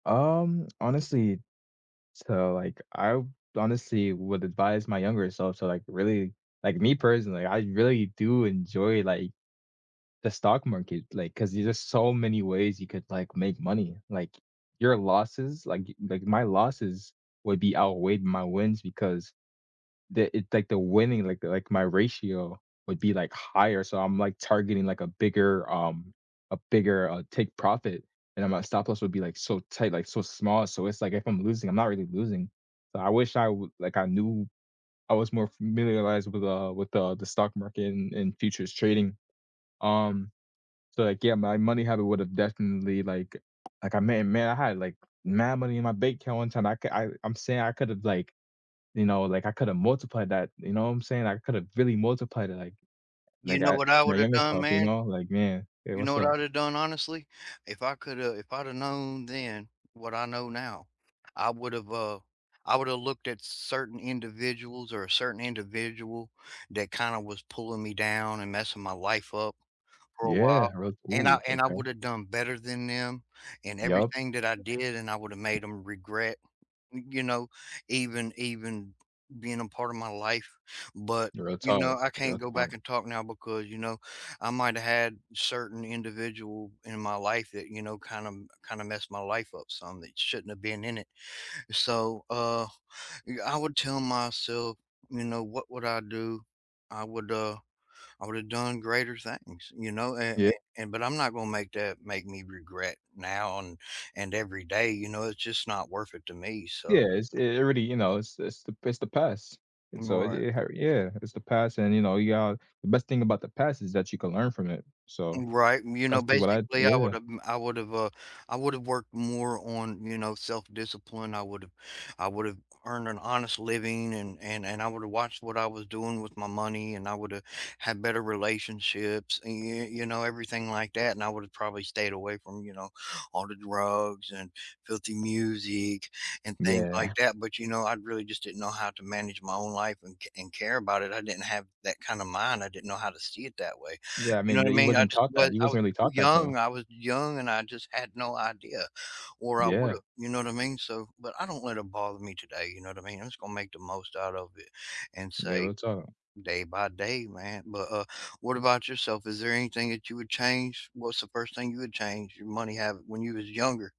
Um, honestly so, like, I w honestly would advise my younger self to, like, really like, me personally, I really do enjoy, like, the stock market, like, 'cause there's just so many ways you could, like, make money, like, your losses like, y like, my losses would be outweighed my wins because the it, like, the winning, like, the like, my ratio would be, like, higher, so I'm, like, targeting, like, a bigger um, a bigger, uh, take profit, and then my stop loss would be, like, so tight, like, so small. So, it's like, if I'm losing, I'm not really losing. So, I wish I would like, I knew I was more familiarized with the with the the stock market and and futures trading. Um, so, like, yeah, my money habit would have definitely, like like, I may may have, like, mad money in my bank account one time, I ca I I'm saying I could have, like, you know, like, I could have multiplied that, you know what I'm saying? I could have really multiplied it, like, they You know got what I my would have younger done, self, you man? know, like, "Man, hey. You know What's what I up?" would've done, honestly? If I coulda if I'd have known then what I know now, I would 've uh, I would've looked at certain individuals or a certain individual that kinda was pulling me down and messing my life up for a Yeah. while, Re and I ooh, and I okay. would've done better than them and Yup. everything that I did, and I would've made 'em regret, y you know, even even being a part of my life. But, Real you talk, know, I real can't go talk. back and talk now because, you know, I might had certain individual in my life that, you know, kinda m kinda messed my life up some that shouldn't have been in it. So, uh, y I would tell myself, you know, what would I do? I would, uh, I would've done greater things, you know, a a Yeah. and but I'm not gonna make that make me regret now and and every day, you know? It's just not worth it to me, so Yeah, it's it really, you know, it's it's the it's the past, and so it Right. it har yeah. It's the past and, you know, you got the best thing about the past is that you can learn from it. So, Right, you know, that's to what I basically, I yeah. would've I would've uh, I would've worked more on, you know, self-discipline, I would've I would've earned an honest living and and and I would've watched what I was doing with my money and I would've had better relationships, y you know, everything like that, and I would have probably stayed away from, you know, all the drugs and filthy music and things like Yeah. that. But, you know, I really just didn't know how to manage my own life and ca and care about it. I didn't have that kinda mind. I didn't know how to see it that way, Yeah. I you know mean, what I the you mean? I wasn't just taught that. was You I was wasn't really too taught that young, though. I was young and I just had no idea, or I would've, Yeah. you know what I mean? So but I don't let it bother me today, you know what I mean? I'm just gonna make the most out of it and Yeah, say real talk. "Day by day, man," but, uh, what about yourself? Is there anything that you would change? What's the 1st thing you would change? Your money habit when you was younger.